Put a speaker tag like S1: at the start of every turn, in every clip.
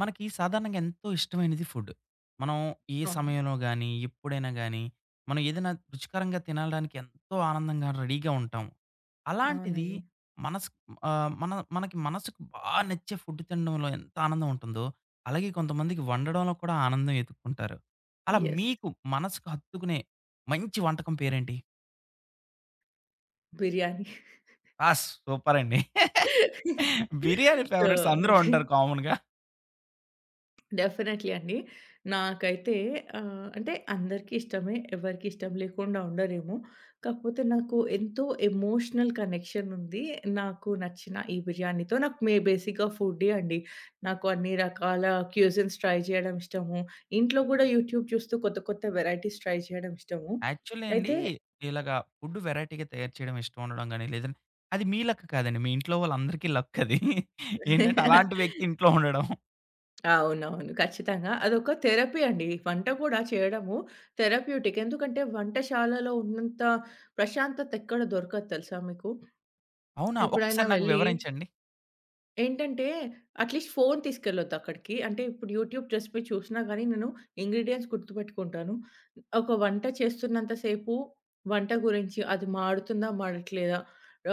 S1: మనకి సాధారణంగా ఎంతో ఇష్టమైనది ఫుడ్. మనం ఏ
S2: అవును.
S1: సమయంలో గాని, ఎప్పుడైనా గాని, మనం ఏదైనా రుచికరంగా తినగలడానికి ఎంతో ఆనందంగా రెడీ‌గా ఉంటాం. అలాంటిది
S2: అవునండి.
S1: మనస్ ఆహ్, మన మనకి మనసుకి బాగా నచ్చే ఫుడ్ తినడంలో ఎంత ఆనందం ఉంటుందో, అలాగే కొంతమందికి వండడంలో కూడా ఆనందం ఎతుక్కుంటారు. అలా
S2: యెస్.
S1: మీకు మనసుకు హత్తుకునే మంచి వంటకం పేరేంటి?
S2: బిర్యానీ.
S1: ఆ! సూపర్ అండి. బిర్యానీ
S2: సో
S1: ఫేవరెట్స్ అందరు ఉంటారు కామన్‌గా.
S2: డెఫినెట్‌లీ అండి. నాకైతే ఆహ్, అంటే అందరికీష్టమే ఎవరికీ ఇష్టం లేకుండా ఉండరేమో. కాకపోతే నాకు ఎంతో ఎమోషనల్ కనెక్షన్ ఉంది. నాకు నచ్చిన ఈ బిర్యానీతో నాకు మె బేసిక్‌‌గా ఫుడ్ది అండి. నాకు అన్ని రకాల క్యూజన్స్ ట్రై చేయడం ఇష్టము. ఇంట్లో గూడా యూట్యూబ్ చూస్తూ కొత్త కొత్త వెరైటీస్ ట్రై చేయడం ఇష్టము.
S1: యాక్చువల్లీ అండి,
S2: అయితే
S1: ఇలాగా ఫుడ్ వేరైటీ‌గా తయారు చేయడం ఇష్టం ఉండడం గాని, లేదంటే, అది మీ లక్ కాదండి. మీ ఇంట్లో వాళ్ళందరికీ లక్ అది. ఏంటంటే, అలాంటి వ్యక్తి ఇంట్లో ఉండడం.
S2: అవునవును. ఖచ్చితంగా. అదొక థెరపీ అండి. వంట కూడా చేయడము థెరప్యూటిక్. ఎందుకంటే, వంటశాలలో ఉన్నంత ప్రశాంతత ఎక్కడ దొరకదు తెలుసా మీకు?
S1: అవునా?
S2: ఎప్పుడైనా
S1: ఒక్కసారి నాకు
S2: వెళ్లి
S1: వివరించండి.
S2: ఏంటంటే, అట్‌లీస్ట్ ఫోను తీసుకెళ్లొద్దు అక్కడికి. అంటే, ఇప్పుడు యూట్యూబ్ రెసిపీ చూసినా గాని నేను ఇంగ్రీడియెంట్స్ గుర్తుపెట్టుకుంటాను. ఒక వంట చేస్తున్నంత సేపు, వంట గురించి అది మాడుతుందా, మాడట్లేదా,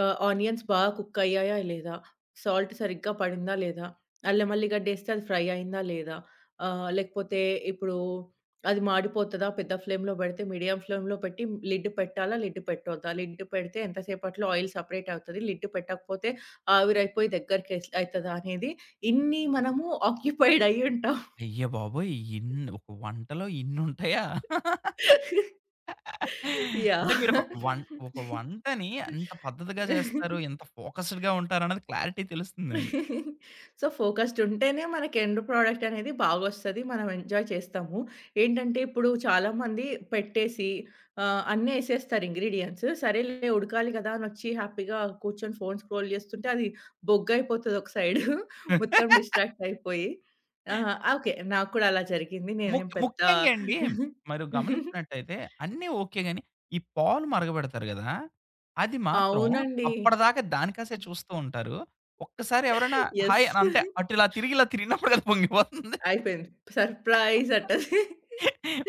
S2: ఆహ్, ఆనియన్స్ బాగా కుక్ అయ్యాయా, లేదా, సాల్ట్ సరిగ్గా పడిందా, లేదా, అల్లెం ,వేల్లి గడ్డి వేస్తే అది ఫ్రై అయిందా, లేదా, ఆహ్, లేకపోతే ఇప్పుడు అది మాడిపోతాదా, పెద్ద ఫ్లేమ్‌లో పెడితే, మీడియం ఫ్లేమ్‌లో పెట్టి లిడ్ పెట్టాలా, లిడ్ పెట్టొద్దా, లిడ్ పెడితే, ఎంత సేపట్లో ఆయిల్ సెపరేట్ అవుతది, లిడ్ పెట్టకపోతే, ఆవిరి అయిపోయి దగ్గరికి అయితదా అనేది ఇన్ని మనము ఆక్యుపైడ్ అయ్యుంటాం.
S1: అయ్య బాబోయ్! ఇన్ ఒక వంటలో ఇన్నుంటాయా? అంటే
S2: యాహ్!
S1: మీరు ఒక ఒక వ వంటని ఎంత పద్ధతిగా చేస్తారు. ఎంత ఫోకస్డ్‌గా ఉంటారన్నది క్లారిటీ తెలుస్తుందండి.
S2: సో, ఫోకస్డ్ ఉంటేనే మనకి ఎండ్ ప్రొడక్ట్ అనేది బాగొస్తది. మనం ఎంజాయ్ చేస్తాము. ఏంటంటే, ఇప్పుడు చాలా మంది పెట్టేసి ఆహ్, అన్ని ఏసేస్తారు ఇంగ్రీడియెంట్స్ సరేలే ఉడకాలి కదా అని వచ్చి హ్యాపీగా కూర్చొని ఫోన్ స్క్రోల్ చేస్తుంటే, అది బొగ్గయిపోతది ఒక సైడ్ మొత్తం డిస్ట్రాక్ట్ అయిపోయి ఆహ్, ఆకే నాకు కూడా అలా జరిగింది. నేనేం
S1: ముక్
S2: పెద్ద
S1: ముఖ్యంగా అండి. మీరు గమనించినట్లయితే, అన్నీ ఓకే గాని, ఈ పాలు మరగబెడతారు గదా! అది మాత్రం
S2: అవునండి.
S1: అప్పడిదాకా దానికాసే చూస్తుంటారు. ఒక్కసారి ఎవరైనా హాయ్
S2: యెస్.
S1: అంటే అటు ఇలా తిరిగి ఇలా తిరిగినప్పుడుకది పొంగిపోతుంది.
S2: అయిపోయింది సర్ప్రైజ్ అంటది.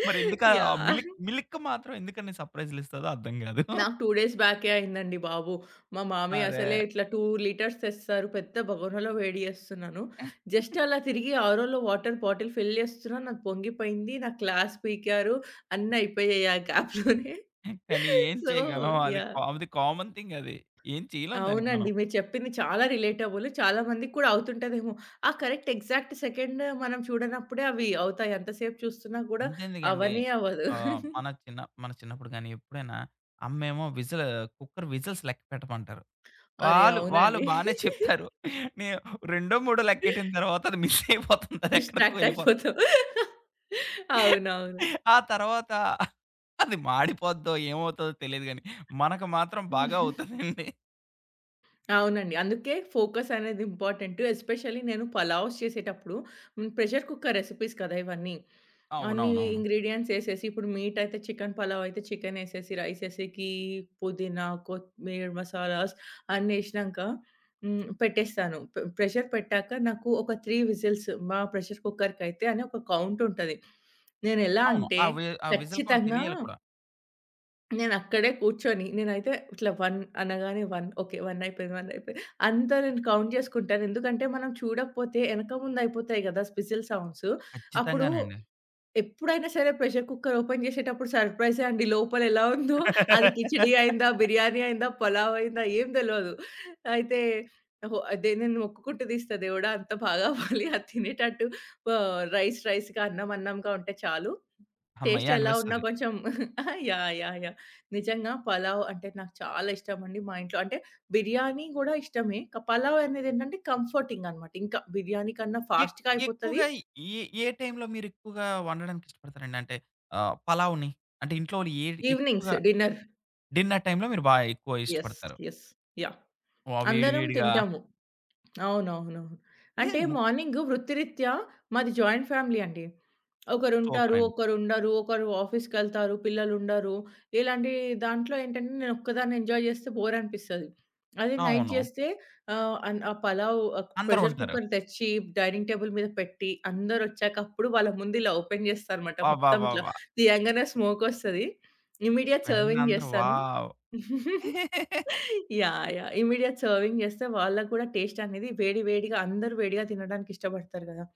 S1: మరి ఎందుకు ఆ
S2: యాహ్!
S1: మిల్క్ మిల్క్ మాత్రం ఎందుకన్ని సర్‌ప్రైజులు ఇస్తదో అర్థం కాదు.
S2: నాకు 2 డేస్ బ్యాకె అయింది అండి బాబు. మా మామయ్య అసలే
S1: అరే!
S2: ఇట్లా 2 లిటర్స్ తెస్తారు పెద్ద బగోనలో వేడి చేస్తున్నాను. జస్ట్ అలా తిరిగి ఆరోలో వాటర్ బాటిల్ ఫిల్ చేస్తున్నాను. నాకు పొంగిపోయింది, నాకు క్లాస్ పీకారు, అన్ని అయిపోయాయి. ఆ గ్యాప్‌లోనే
S1: కానీ ఏం
S2: సో
S1: చేయగలం అది కా
S2: యాహ్!
S1: అది కామన్ థింగ్ అది ఏం చేయలేం దానికి మనం.
S2: అవునండి. మీరు చెప్పింది చాలా రిలేటబుల్ చాలా మందికి కూడా అవుతుంటదేమో, ఆ కరెక్ట్ ఎగ్జాక్ట్ సెకండ్ మనం చూడనప్పుడే, అవి అవుతాయి.ఎంతసేపు చూస్తున్నా కూడా
S1: అంతెందుకండి
S2: అవనే అవ్వదు.
S1: ఆహ్, మన చిన్న మన చిన్నప్పుడు గాని ఎప్పుడైనా, అమ్మేమో విజిల్ కుక్కర్ విజజిల్స్ లెక్కపెట్టమంటారు.
S2: అరే!
S1: వాళ్ళు వాళ్ళు
S2: అవునండి.
S1: బానే చెప్తారు. నేను రెండో మూడో లెక్కెట్టిన తరువాత అది మిస్ అయిపోతుంది. అది ఎక్కడికో
S2: డిస్ట్రాక్ట్
S1: వెళ్ళిపోతుంది.
S2: అయిపోతాం. అవునవును.
S1: ఆ తరువాత అది మాడిపోద్దో ఏమవుతాదో తెలియదు గాని, మనకు మాత్రం బాగా అవుతాదండి.
S2: అవునండి. అందుకే ఫోకస్ అనేది ఇంపార్‌టెంటు ఎస్పెషల్లీ నేను పలావ్స్ చేసేటప్పుడు, హ్మ్. ప్రెషర్ కుక్కర్ రెసిపీస్ కదా! ఇవన్నీ. అన్ని
S1: అవునవునవును.
S2: ఇంగ్రీడియెంట్స్ యేసేసి, ఇప్పుడు మీటయితే చికెన్ పలావయితే చికెనేసేసి, రైసేసేకి పుదీనా కొత్తిమీర, మసాలాస్ అన్నేసినాంక, హ్మ్. పెట్టేస్తాను పె ప్రెషర్ పెట్టాక, నాకు ఒక 3 విసిల్స్ మా ప్రెషర్ కుక్కర్‌కైతేని ఒక కౌంట్ ఉంటది. నేనెలా
S1: అవును.
S2: అంటే,
S1: ఆ వే ఆ విసిల్ కౌంట్
S2: ఖచ్చితంగా
S1: తెలియాలి కూడా.
S2: నేనక్కడే కూర్చొని, నేనైతే ఇట్లా 1 అనగానే 1 ఓకే. 1 అయిపోయింది, వన్నయిపోయింది అంతా నేను కౌంట్ జేసుకుంటాను. ఎందుకంటే మనం చూడకపోతే ఎనక ముందు అయిపోతాయి గదా! విసిల్ సౌండ్సు అప్పుడు,
S1: ఖచ్చితంగానండి.
S2: ఎప్పుడైనా సరే ప్రెషర్ కుక్కర్ ఓపెన్ జేసేటప్పుడు సర్‌ప్రైజే అండి లోపల ఎలా ఉందో అది కిచిడి అయిందా, బిర్యానీ అయిందా, పలావు అయిందా ఏం తెలవదు. అయితే ఆహ్, ఓహో దేనిని మొక్కుకుంటూ తీస్తా దేవుడా అంత బాగవ్వాలి అది తినేటట్టు. ప రైస్ రైస్‌గా అన్నం అన్నంగా ఉంటే చాలు, టేస్ట్
S1: హమ్మయ్య!
S2: ఎలా ఉన్నా
S1: అనిపిస్తది.
S2: కొంచెం యాహ్! యాహ్! యాహ్! నిజంగా పలావు అంటే నాకు చాలా ఇష్టమండి. మా ఇంట్లో అంటే బిర్యానీ గూడా ఇష్టమే క పలావనేదేంటంటే, కంఫర్‌టింగన్నమాట ఇంకా బిర్యానీ కన్నా
S1: ఎక్
S2: ఫాస్ట్‌గా అయిపోతది.
S1: ఎక్కువగా ఇ ఏ టైంలో మీరు ఎక్కువగా వండడానికిష్టపడతారండి? అంటే ఆహ్, పలావుని. అంటే ఇంట్లోని ఏడి
S2: ఈవెనింగ్స్
S1: ఎక్కువగా
S2: డిన్నర్.
S1: డిన్నర్ టైమ్‌లో మీరు బాగా ఎక్కువ
S2: యెస్.
S1: ఇష్టపడతారు.
S2: యెస్. యాహ్!
S1: వావ్! వేడి
S2: అందరం
S1: వేడిగా.
S2: తింటాము అవునవును. అంటే
S1: లేదు. ముక్
S2: మార్నింగు వృత్తిరీత్యా మాది జాయింట్ ఫ్యామిలీ అండి. ఒకరుంటారు,
S1: సూపరండి.
S2: ఒకరుండరు ఒకరు ఆఫీస్‌కేళ్తారు, పిల్లలు ఉండరు ఇలాంటి దాంట్లో ఏంటంటే, నేనొక్కదాన్ని ఎంజాయ్ చేస్తే బోరనిపిస్తది. అది నైట్
S1: అవును.
S2: చేస్తే ఆహ్, అన్ ఆ పలావు
S1: అందరూ
S2: ప్రెషర్
S1: ఉంటారు.
S2: కుక్కర్ తెచ్చి, డైనింగ్ టేబుల్ మీద పెట్టి, అందరొచ్చాక అప్పుడు వాళ్ళ ముందు ఇలా ఓపెన్ చేస్తాన్నమాట. మొత్తం ఇట్లా
S1: అబ్బబ్బబ్బా!
S2: తీయంగానే స్మోకోస్తది ఇమ్మీడియేట్
S1: వెంటనే
S2: సర్వింగ్
S1: అందరూ
S2: జేస్తాను.
S1: Wow!
S2: Yeah! Yeah! Immediate serving జేస్తే వాళ్ళకి కూడా టేస్ట్ అనేది వేడి వేడిగా అందరు వేడిగా తినడానికి ఇష్టపడతారు గదా!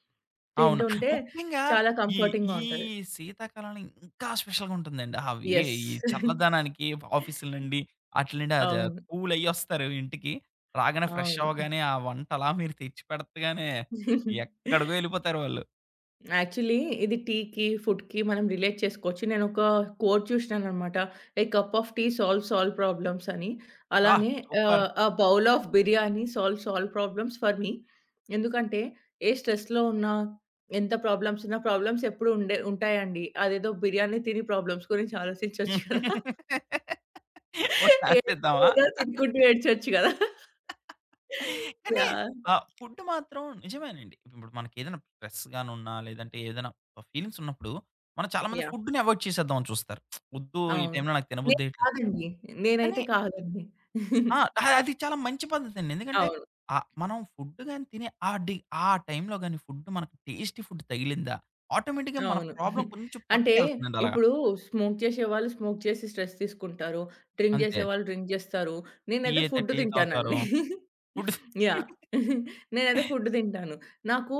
S1: అవును.
S2: తింటుంటే
S1: ముఖ్యంగా
S2: చాలా
S1: ఈ
S2: కంఫర్‌టింగ్‌గా
S1: ఈ
S2: ఉంటది.
S1: శీతాకాలంలో ఇంకా స్పెషల్‌గా ఉంటుందండి. అవి ఎ
S2: యెస్.
S1: ఈ చల్లదనానికి ఎ ఆఫీస్‌ల నుండి ఆటిల నుండి అద
S2: అవును.
S1: కూల్ అయ్యొస్తారు ఇంటికి. రాగానే ఫ్రెష్
S2: అవును. హ్మ్.
S1: అవ్వగానే ఆ వంట అలా మీరు తెచ్చిపెడతగానే, ఎక్కడికో ఎళ్ళిపోతారు వొళ్ళు.
S2: యాక్చువల్లి ఇది టీకి, ఫుడ్‌కి మనం రిలేట్ చేసుకోవచ్చు. నేనొక కోట్ చూషినాన్నమాట. A cup of tea solve all problems అని.
S1: బ్బా!
S2: అలానే
S1: super!
S2: Ah, a bowl of biryani solve all problems for me. ఎందుకంటే ఏ స్ట్రెస్‌లో ఉన్న, ఎంత ప్రాబ్లమ్స్ ఉన్న, ప్రాబ్లమ్స్ ఎప్పుడు ఉండే ఉంటాయండి. అదేదో బిర్యానీ తిని ప్రాబ్లమ్స్ గురించి ఆలోచించొచ్చు కదా!
S1: ఓ
S2: ఏదే
S1: చాన్సిద్దామా?
S2: [unintelligible] తినుకుంటూ ఏడ్చొచ్చు కదా!
S1: కానీ
S2: యాహ్!
S1: ఆహ్, ఫుడ్డు మాత్రం నిజమేనండి. ఇప్పుడు మనకేదైనా స్ట్రెస్ గానున్నా లేదంటే ఏదైనా ఫీలింగ్స్ ఉన్నప్పుడు మనం చాలా మంది
S2: యాహ్!
S1: ఫుడ్డుని అవాయిడ్ చేసేద్దామని చూస్తారు. వద్దు ఈ
S2: అవును.
S1: టైంలో నాకు తినబుద్దెయ్యట్లేదు.
S2: నేకాదండి.
S1: కానీ
S2: నేనైతే కాదండి.
S1: ఆ! అది చాలా మంచి పద్ధతండి. ఎందుకంటే
S2: అవును.
S1: ఆహ్, మనం ఫుడ్డుగాని తినే ఆహ్, డి ఆ టైంలోగాని ఫుడ్డు మనకు టేస్టీ ఫుడ్ తగిలిందా ఆటోమేటిక్‌గా మన
S2: అవును.
S1: ప్రాబ్లమ్ కొంచెం
S2: అంటే
S1: పక్కకెళ్తుందండి అలాగా.
S2: ఇప్పుడు స్మోక్ చేసే వాళ్ళు స్మోక్ చేసి స్ట్రెస్ తీస్కుంటారు. డ్రింక్ చేసే
S1: అంతే.
S2: వాళ్ళు డ్రింక్ జేస్తారు.
S1: టీ
S2: నేనైతే
S1: అయితే
S2: ఫుడ్డు
S1: టీ తాగుతారు.
S2: తింటానండి.
S1: ఫుడు సం
S2: యాహ్! నేనైతే ఫుడ్డు తింటాను. నాకు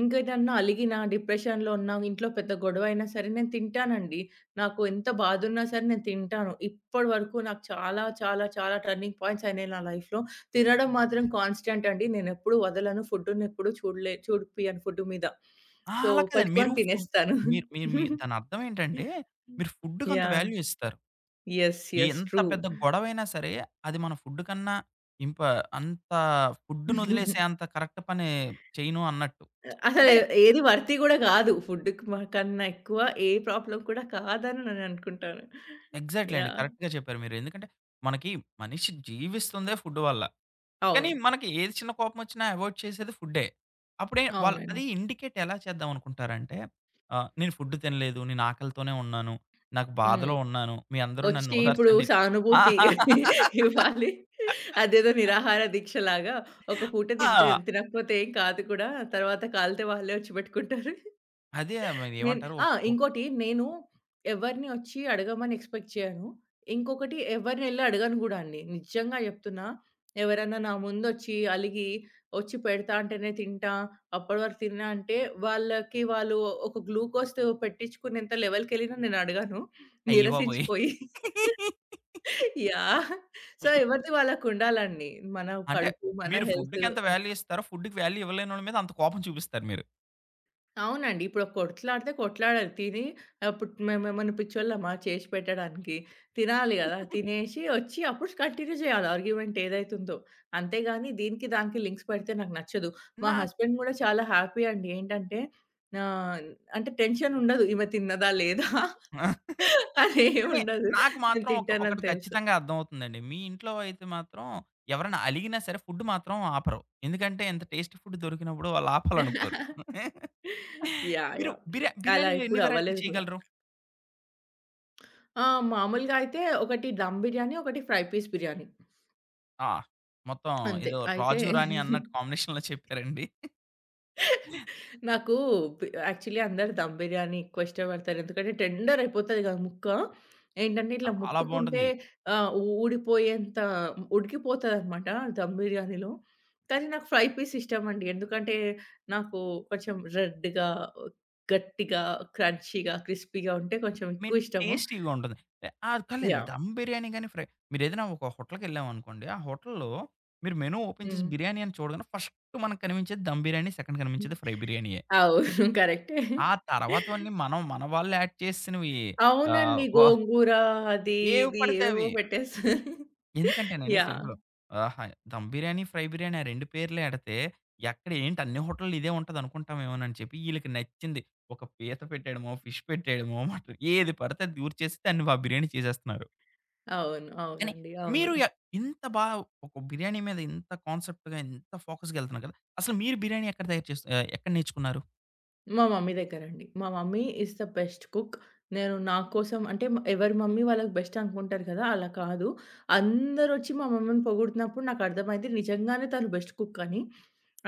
S2: ఇంకేదైనా అలిగిన, డిప్రెషన్‌లో ఉన్న, ఇంట్లో పెద్ద గొడవయినా సరే, నేను తింటానండి. నాకు ఎంత బాధున్నా సరే, నేను తింటాను. ఇప్పటి వరకు నాకు చాలా చాలా చాలా టర్నింగ్ పాయింట్స్ అయినాయి నా లైఫ్‌లో. తినడం మాత్రం కాన్స్టెంటండి. నేనెప్పుడు వదలను. ఫుడ్డునెప్పుడు చూడలే చూపియను ఫుడ్డు మీద.
S1: ఆ!
S2: సో,
S1: అలా కాదండి. మీరు
S2: పెట్టుకొని
S1: ఫుడ్
S2: తినేస్తాను.
S1: మీ మీ మీరు దానర్థమేంటంటే మీరు ఫుడుకంత
S2: యాహ్!
S1: వాల్యూ ఇస్తారు.
S2: యెస్. యెస్.
S1: ఎంత
S2: ట్రూ.
S1: పెద్ద గొడవైనా సరే, అది మన ఫుడుకన్నా ఇంప అంత ఫుడునొదిలేసే అంత కరెక్ట్ పని చేయను అన్నట్టు.
S2: అ అసలే
S1: అంటే
S2: ఏది వర్తీ గూడా గాదు. ఫుడ్డుకి మనకన్నా ఎక్కువ ఏ ప్రాబ్లమ్ కూడా కాదని నేననుకుంటాను.
S1: ఎగ్జాక్ట్లీ అండి.
S2: యాహ్!
S1: కరెక్ట్‌గా చెప్పారు మీరు. ఎందుకంటే మనకి మనిషి జీవిస్తుందే ఫుడ్డు వల్ల. కానీ
S2: అవును.
S1: మనకి ఏది చిన్న కోపం ఒచ్చినా అవాయిడ్ చేసేది ఫుడ్డే. అప్పుడే వాళ్ళు అది
S2: అవునండి.
S1: ఇండికేట్ ఎలా చేద్దామనుకుంటారంటే ఆహ్, నేను ఫుడ్డు తినలేదు. నేను ఆకలితోనే ఉన్నాను. నాకు
S2: హ్మ్.
S1: బాధలో ఉన్నాను. మీరందరూ
S2: వచ్చి ఇప్పుడు
S1: నన్నోదార్చండి. ఆ!
S2: సానుభూతి ఇవ్వాలి. అదేదో నిరాహార దీక్ష లాగా, ఒక పూట తింటే
S1: ఆ!
S2: తినకపోతే ఏం కాదు కూడా. తరువాత కాలితే వాళ్ళే ఒచ్చి పెట్టుకుంటారు.
S1: అదే.
S2: నేను
S1: మరేమంటారు? ఒక్
S2: ఆహ్,
S1: ఒక్
S2: ఇంకోటి నేను ఎవరిని ఒచ్చి అడగమని ఎక్స్‌పెక్ట్ చేయను. ఇంకొకటి ఎవరినెళ్లి అడగను గూడా అండి. నిజంగా చెప్తున్నా ఎవరన్నా నా ముందొచ్చి అలిగి ఒచ్చి పెడతా అంటేనే తింటా. అప్పటివరకు తిననంటే, వాళ్ళకి వాళ్ళు ఒక గ్లూకోజ్ పెట్టించుకునేంత లెవెలుకెళ్ళినా నేనడగను,
S1: అయ్యబాబోయ్!
S2: నిరసించిపోయి. యాహ్! సో, ఎవరిది వాళ్ళకుండాలండి. మన
S1: అంటే
S2: కడుపు, మన
S1: మీరు
S2: హెల్తు.
S1: ఫుడ్డుకెంత వాల్యూ ఇస్తారో, ఫుడుకి వాల్యూ ఇవ్వలేనోళ్ళ మీద అంత కోపం చూపిస్తారు మీరు.
S2: అవునండి. ఇప్పుడు కొట్లాడితే కొట్లాడాలి, తిని ఆ పుట్ మేమెమన్న పిచ్చోళ్ళమా చేశి పెట్టడానికి? తినాలి గదా! తినేశి ఒచ్చి అప్పుడు కంటిన్యూ జేయాల ఆర్గ్యుమెంట్ ఏదైతే ఉందో. అంతే గాని, దీనికి, దానికి లింక్స్ పెడితే నాకు నచ్చదు. మా
S1: నాక్
S2: హస్బెండ్ గూడా చాలా హ్యాపీ అండి. ఏంటంటే ఆహ్, అంటే టెన్షన్ ఉండదు, ఈమె తిన్నదా? లేదా?
S1: కానీ
S2: అదేముండదు.
S1: నాకు
S2: నేను
S1: మాత్రం ఒక
S2: తింటానని
S1: ఒకటి
S2: తెలుసు.
S1: ఖచ్చితంగా అర్థమవుతుందండి. మీ ఇంట్లో అయితే మాత్రం ఎవరైనా అలిగినా సరే, ఫుడ్ మాత్రం ఆపరు. ఎందుకంటే, ఇంత టేస్ట్ ఫుడ్ దొరికినప్పుడు వాళ్ళాపాలనుకోరు.
S2: యాహ్!
S1: మీరు
S2: యాహ్!
S1: బిర్య
S2: అలా
S1: బిర్యానీలో ఎన్ని
S2: ఎప్పుడు
S1: వెరైటీలు
S2: అవ్వలేదు గూడా.
S1: చేయగలరు?
S2: ఆ! మామూలుగా అయితే 1 దమ్ బిర్యానీ, 1 ఫ్రై పీస్ బిర్యానీ.
S1: ఆ! మొత్తం
S2: అంతే.
S1: ఎదో
S2: అయితే
S1: రాజు రాణి అన్నట్టు కాంబినేషన్‌లో చెప్పారండి.
S2: నాకు పి యాక్చువల్లీ అందరూ ధమ్ బిర్యానీ ఎక్కువ ఇష్టపడతారు. ఎందుకంటే టెండర్ అయిపోతది గదా ముక్క. ఏంటంటే, ఇట్లా
S1: చాలా
S2: ముట్టుకుంటే
S1: బావుంటుంది.
S2: ఆహ్, ఊడిపోయేంత ఉడికిపోతదనమాట ధమ్ బిర్యానీలో. కానీ, నాకు ఫ్రై పీస్ ఇష్టమండి. ఎందుకంటే, నాకు కొంచెం రెడ్‌గా, గట్టిగా, క్రంచీగా, క్రిస్పీగా ఉంటే కొంచెం
S1: మీన్
S2: ఎక్కువ ఇష్టము.
S1: టేస్టీగా ఉండదు. ఆ పర్లేదు అండి.
S2: యాహ్!
S1: ధమ్ బిర్యానీ గాని, ఫ్రై మీరేదైనా ఒక హోటల్‌కెళ్ళాం అనుకోండి, ఆ హోటల్లో మీరు మెను ఓపెన్ చేసి
S2: హ్మ్.
S1: బిర్యానీ అని చూడగానే ఫస్ట్ మనకు కనిపించేది ధమ్ బిర్యానీ సెకండ్ కనిపించేది ఫ్రై బిర్యానీయె.
S2: అవును. కరెక్టే.
S1: ఆ తరవాతవన్నీ మనం మన వాళ్ళు యాడ్ చేసేసినవి
S2: అవునండి.
S1: ఆహ్, వ
S2: గోంగూర, అది, ఇది
S1: ఏవి‌పడితే
S2: ఏవేవో
S1: అవి
S2: పెట్టేస్తు
S1: ఎందుకంటేనండి
S2: యాహ్!
S1: సింపుల్, ఆహా, దమ్ బిర్యానీ, ఫ్రై బిర్యానీ ఆ 2 పేర్లు ఎడితే, ఎక్కడ ఏంటి అన్ని హోటల్‌లో ఇదే ఉంటది అనుకుంటామేమో అని చెప్పి, ఈళ్ళకి నచ్చింది ఒక పీత పెట్టేయడమో, ఫిష్ పెట్టేయడమో, ఏది పడితే అది దురచేసి దాన్ని వ బిర్యానీ చేసేస్తున్నారు.
S2: అవును.
S1: కానీ
S2: అవునండి. అవును.
S1: మీరు య ఇంత బా ఒక బిర్యానీ మీద ఇంత కాన్సెప్ట్‌గా ఇంత ఫోకస్‌‌గా ఎళ్తున్నారు గదా. అసలు మీరు బిర్యానీ ఎక్కడ తయారు చెస్ ఆహ్, ఎక్కడ నేర్చుకున్నారు?
S2: మా మమ్మీ దగ్గరండి. మా mummy is the best cook. నేను నా కోసం, అంటే మా ఎవరి మమ్మీ వాళ్ళకి బెస్ట్ అనుకుంటారు గదా! అలా కాదు. అందరొచ్చి మా మమ్మీని పొగుడుతున్నప్పుడు నాకు అర్థమైంది, నిజంగానే తను బెస్ట్ కుక్ అని.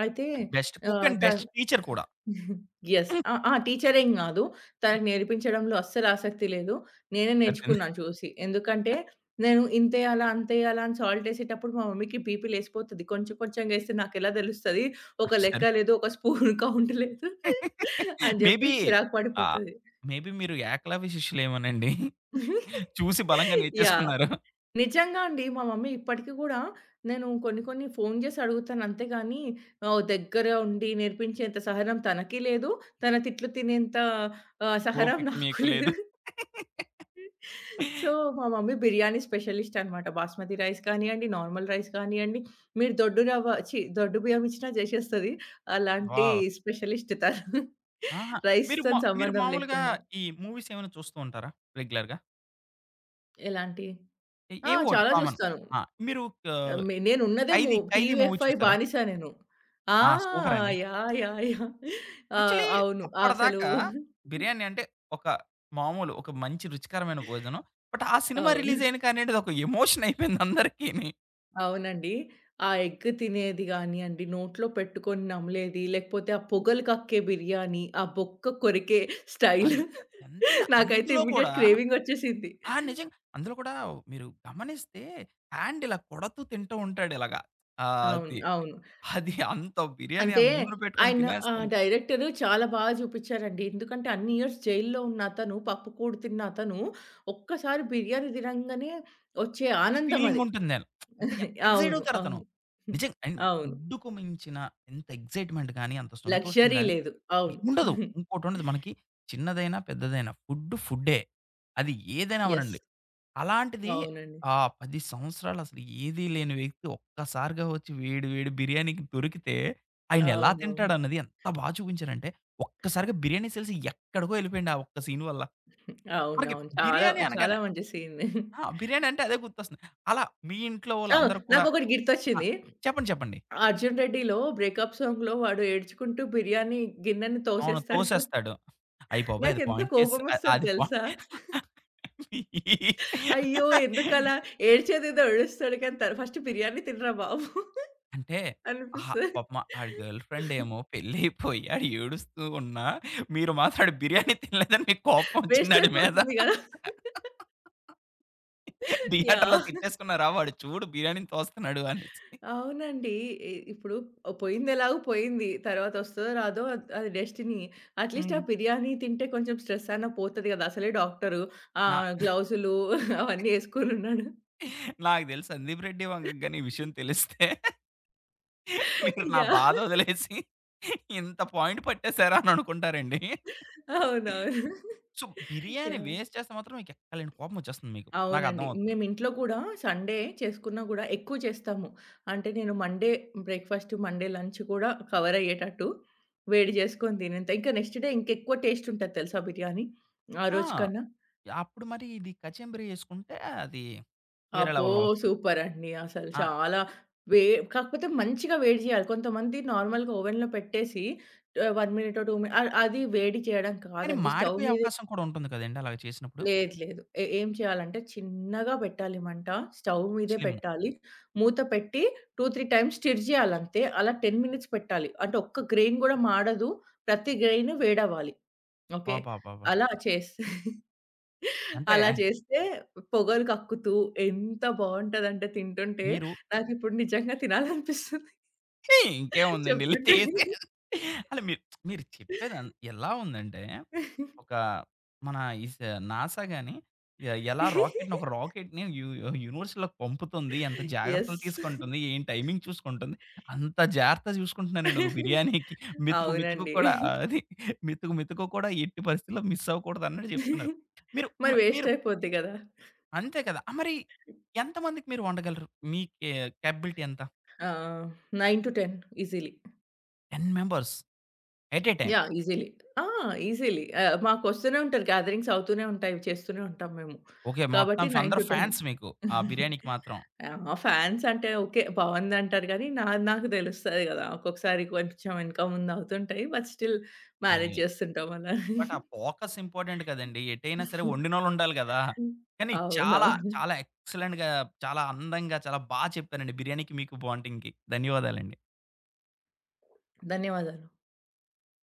S2: అయితే
S1: on best cook
S2: ah,
S1: and best
S2: తను
S1: టీచర్ కూడా.
S2: యెస్. ఆ ఆ! టీచరేం‌గాదు తనకి నేర్పించడంలో అస్సలు ఆసక్తి లేదు. నేనే
S1: సరిపోయింది.
S2: నేర్చుకున్నాను, చూసి. ఎందుకంటే, నేను ఇంతెయ్యాలా, అంతెయ్యాలా, అని సాల్ట్ యేసేటప్పుడు, మా మమ్మీకి బీపీ లేసిపోతది. కొంచెం కొంచెంగా ఎస్తే, నాకెలా తెలుస్తది?
S1: ఆ!
S2: ఒక
S1: సరే.
S2: లెక్క లేదు, ఒక స్పూన్ కౌంట్ లేదు, అని
S1: మే
S2: జెప్పి
S1: బీ,
S2: చిరాకు
S1: ఆహ్,
S2: పడిపోతది.
S1: మే బీ మీరు ఏకలవ్య శిష్యులేమోనండి. చూసి బలంగా
S2: యాహ్!
S1: నేర్చేసుకున్నారు.
S2: నిజంగా అండి. మా మమ్మీ ఇప్పటికి గూడా, నేను కొన్ని కొన్ని ఫోను జేసి అడుగుతాను. అంతేగాని, ఆహ్, దగ్గర ఉండి నేర్పించేంత సహనం తనకి లేదు. తన తిట్లు తినేంత ఆహ్, సహనం
S1: ఓపిక
S2: నాకు
S1: మీకు లేదు.
S2: లేదు. సో, మా మమ్మీ బిర్యానీ స్పెషలిస్ట్ అన్నమాట. బాస్మతి రైస్ కానియ్యండి, నార్మల్ రైస్ కానియ్యండి మీరు దొడ్డుగా రవ్వ ఛి! దొడ్డు బియ్యం మిచ్చినా జేసేస్తది. అలాంటి
S1: వావ్!
S2: స్పెషలిస్ట్ తను.
S1: అహా! మీరు మా
S2: రైస్‌తోని
S1: మీరు
S2: సంబంధం
S1: మామూలుగా
S2: లేకుండా.
S1: ఈ మూవీస్ ఏమైనా చూస్తూ ఉంటారా రెగ్యులర్‌గా?
S2: ఎలాంటియి?
S1: ఎ
S2: ఆ!
S1: ఏవోటీ
S2: చాలా
S1: కామన్.
S2: జూస్తాను.
S1: ఆ! మీరు క
S2: ఆహ్, హ్మ్, నేనున్నదే మొ
S1: 'ఖైదీ, ఖైదీ' మూవీ
S2: టీవీఎఫ్ఐ
S1: చూసారా?
S2: బానిస నేను. ఆ!
S1: ఆ! సూపర్ అండి!
S2: యాహ్! యాహ్! యాహ్! ఆ!
S1: యాక్చువల్లీ
S2: అవును. అసలు
S1: అప్పటిదాకా బిర్యానీ అంటే ఒక మామూలు ఒక మంచి రుచికరమైన భోజనం. బట్ ఆ సినిమా
S2: అవును.
S1: రిలీజ్ అయినాకనేటిది ఒక ఎమోషన్ అయిపోయిందందరికిని.
S2: అవునండి. ఆ ఎగ్ తినేది గానియండి, నోట్లో పెట్టుకొని నమిలేది లేకపోతే ఆ పొగలు కక్కే బిర్యానీ ఆ బొక్క కొరికే స్టైల్
S1: అంత్ ఎంతైనా
S2: నాకైతే
S1: అందులో
S2: ఇమ్మీడియేట్
S1: కూడా
S2: క్రేవింగ్ ఒచ్చేసిద్ది.
S1: ఆ! నిజంగా. అందులో కూడా మీరు గమనిస్తే హ్యాండ్ ఇలా కొడతూ తింటూ ఉంటాడిలాగ.
S2: అవును.
S1: ఆది
S2: అవును.
S1: అది అంత బిర్యానీ ఆ
S2: అంటే
S1: ముందున పెట్టుకొని
S2: ఆయన ఆహ్,
S1: తినేస్తుంటే
S2: డైరెక్టరు చాలా బా జూపిచ్చారండి. ఎందుకంటే అన్ని ఇయర్స్ జైల్‌లో ఉన్నతను పప్పు కూడు తిన్న అతను ఒక్కసారి బిర్యానీ తినంగానే వచ్చే
S1: ఆ ఫీలింగ్
S2: ఆనందమది.
S1: ఉంటుంది. అంటే ఎంత ఎక్సైట్
S2: అవును. అవును.
S1: అవుతారతను. నిజంగా అన్
S2: అవును.
S1: ఫుడ్‌‌కు మించిన ఎంత ఎక్సైట్‌మెంట్‌గాని అంత
S2: లక్సరీ
S1: సంతోషం‌గాని
S2: లేదు. అవును.
S1: ఉండదు. ఇంకోటుండదు. మనకి చిన్నదైనా, పెద్దదైనా ఫుడ్ ఫుడ్డే. అది ఏదైనా
S2: యెస్.
S1: అవ్వనీయండి. అలాంటిది
S2: అవునండి.
S1: ఆ 10 సంవత్సరాలసలు ఏదీ లేని వ్యక్తి ఒక్కసారిగా ఒచ్చి వేడి వేడి బిర్యానీకి దొరికితే ఆయనెలా
S2: అవునవును.
S1: తింటాడన్నది ఎంత బా చూపించాడంటే, ఒక్కసారిగా బిర్యానీ సేల్స్ ఎక్కడికో ఎళ్ళిపోయాయండి ఆ ఒక్క సీన్ వల్ల. మనకి
S2: అవునవును. చాలా
S1: బిర్యానీ
S2: చాలా
S1: అనగానే
S2: మంచి సీన్‌ది.
S1: ఆ! బిర్యానీ అంటే అదే గుర్తొస్తుంది. అలా మీ ఇంట్లో
S2: ఆ!
S1: వాళ్ళందరూ కూడా
S2: నాకొకటి
S1: ఆ!
S2: గిర్తొచ్చింది.
S1: చెప్పండి చెప్పండి.
S2: 'అర్జున్ రెడ్డి'లో బ్రేకప్ సాంగ్‌లో వాడు ఏడ్చుకుంటూ బిర్యానీ గిన్నెని
S1: అవును.
S2: తోసేస్తాడు కదా!
S1: తోసేస్తాడు. అయ్య బాబోయ్! అది
S2: నాకెంత
S1: పాయింట్ చేసిస అ
S2: కోపమొస్తది
S1: అది పాయింట్
S2: తెలుసా? అయ్యో! ఎందుకలా? ఏడ్చేదేదో ఏడుస్తాడు కానీ తర్ ఫస్ట్ బిర్యానీ తినరా బాబు
S1: అంటే అహా!
S2: అనిపిస్తది.
S1: పాపమా ఆడి గర్ల్‌ఫ్రెండేమో పెళ్ళైపోయి ఆడు ఏడుస్తూ ఉన్నా మీరు మాత్రం ఆడి బిర్యానీ తినలేదని మీకు కోపం
S2: వేస్ట్
S1: ఒచ్చిందాడి మీద.
S2: అయిపోతుంది గదా!
S1: థియేటర్‌లో
S2: యాహ్.
S1: తిట్టేసుకున్నారా? వాడు చూడు బిర్యానీని తోస్తున్నాడు అనేసి.
S2: అవునండి. ఇ ఇప్పుడు ఆహ్, పోయింది ఎలాగో పోయింది. తరువాతొస్తదో రాదో అది అది డెస్టినీ. అట్‌లీ‌స్ట్ ఆ
S1: హ్మ్.
S2: బిర్యానీ తింటే కొంచెం స్ట్రెస్ అయినా పోతది కదా! అసలే డాక్టరు.
S1: నా
S2: ఆహ్, గ్లోవ్స్‌లు అవన్నీ ఏసుకొనున్నాడు.
S1: నాకు తెలిసి సందీప్ రెడ్డి వంగ‌గాని ఈ విషయం తెలిస్తే మీరు నా
S2: యాహ్!
S1: బాధొదిలేసి ఇంత పాయింట్ పట్టేసారా? అననుకుంటారండి.
S2: అవునవును.
S1: స్సు బిర్యానీ
S2: యాహ్!
S1: వేస్ట్ చేస్తే మాత్రం మీకెక్కడ లేని కోపం ఒచ్చేస్తుంది మీకు.
S2: అవునండి.
S1: నాకర్థమవుతుంది.
S2: నేమింట్లో కూడా సండే చేసుకున్న కూడా ఎక్కువ చేస్తాము. అంటే నేను మండే బ్రేక్‌ఫాస్ట్ మండే లంచ్ కూడా కవర్ అయ్యేటట్టు వేడి జేసుకొని తినేంత ఇంకా నెక్స్ట్ డే ఇంకెక్కువ టేస్ట్ ఉంటది తెలుసా బిర్యానీ? ఆ
S1: ఆ!
S2: రోజు కన్నా.
S1: అప్పుడు మరి ఇది కచెంబరి ఏసుకుంటే అది వేరే
S2: అబ్బో!
S1: లెవెల్‌లో ఒస్తది.
S2: సూపర్ అండి! అసలు
S1: ఆ!
S2: చాలా వె కాకపోతే మంచిగా వేడి జేయాలి. కొంతమంది నార్మల్‌గా ఓవెన్‌లో పెట్టేసి ఆహ్, 1 మినిటో 2 మినిట్స్ అ అది వేడి చేయడం
S1: కానీ
S2: కాదండి స్టవ్
S1: మాడిపోయే
S2: మీద
S1: అవకాశం కూడా ఉంటుంది కదండీ! అలాగా చేసినప్పుడు.
S2: లేదు, లేదు. ఎ ఏం చేయాలంటే చిన్నగా పెట్టాలి మంట. స్టవ్ మీదే
S1: స్లిమ్
S2: పెట్టాలి. మూత పెట్టి 2, 3 టైమ్స్ స్టిర్ జేయాలంతే. అలా 10 మినిట్స్ పెట్టాలి. అంటే ఒక్క గ్రైన్ కూడా మాడదు. ప్రతి గ్రైన్ వేడవ్వాలి. ఓకే?
S1: బాబాబా!
S2: అలా చేస్తే...
S1: అంటే
S2: అలా చేస్తే పొగలు కక్కుతూ ఎంత బావుంటదంటే తింటుంటే
S1: మీరు
S2: నాకిప్పుడు నిజంగా తినాలనిపిస్తుంది
S1: హేయ్, ఇంకేముందండి? ఎళ్లి
S2: చెప్తుంటే.
S1: చేసేయాలి. అంటే మీరు మీరు చెప్పేది ఎంత్ ఎలా ఉందంటే ఒక మన ఇస్ నాసా‌గాని ఎ ఎలా రాకెట్‌నొక రాకెట్‌ని యు యు యూనివర్‌స్‌లోకి పంపుతుంది. ఎంత
S2: యెస్.
S1: జాగ్రత్తలు తీసుకుంటుంది? ఏం టైమింగ్ చూసుకుంటుంది? అంత జాగ్రత్తగా చూసుకుంటున్నారండి ఒక బిర్యానీకి. మెతుకు మెతుకు
S2: అవునండి.
S1: కూడా అది మెతుకు మెతుకు కూడా ఎట్టి పరిస్థితిలో మిస్ అవ్వకూడదన్నట్టు చెప్తున్నారు. మీరు మ
S2: మరి వేస్ట్
S1: మీరు
S2: అయిపోద్ది గదా!
S1: అంతే కదా! ఆహ్, మరి ఎంతమందికి మీరు వండగలరు? మీ కే కేపబిలిటీ ఎంత?
S2: ఆ! 9-10 easily.
S1: 10 members! At a time?
S2: Yeah! Easily. ఆ! ఈజీలీ. ఆహ్, మాకొస్తూనే ఉంటరు. గాథరింగ్స్ అవుతూనే ఉంటాయి. చేస్తూనే ఉంటాం మేము.
S1: ఓకే. మొత్తం
S2: కాబట్టి
S1: ఫ
S2: నైన్
S1: అందరు
S2: టు టెన్
S1: ఫ్యాన్స్ మీకు ఆ బిర్యానీకి మాత్రం.
S2: యాహ్! మా ఫ్యాన్స్ అంటే ఓకే, బావుందంటారు గానీ నాది నాకు తెలుస్తది గదా! ఒక్కొక్కసారి కొంచెం యెనక ముందవుతుంటాయి. బట్ స్టిల్ మ్యానేజ్
S1: ఏయి
S2: జేస్తుంటాం అలానే.
S1: బట్ ఆ ఫోకస్ ఇంపార్టెంట్ కదండీ! ఎటైనా సరే వండినోళ్ళుండాలి గదా! కానీ చాలా
S2: అవునవును.
S1: చాలా ఎక్సలెంట్‌గా చాలా అందంగా చాలా బా చెప్పారండి బిర్యానీ మీకు బాంటీంగ్‌కి. ధన్యవాదాలండి.
S2: ధన్యవాదాలు.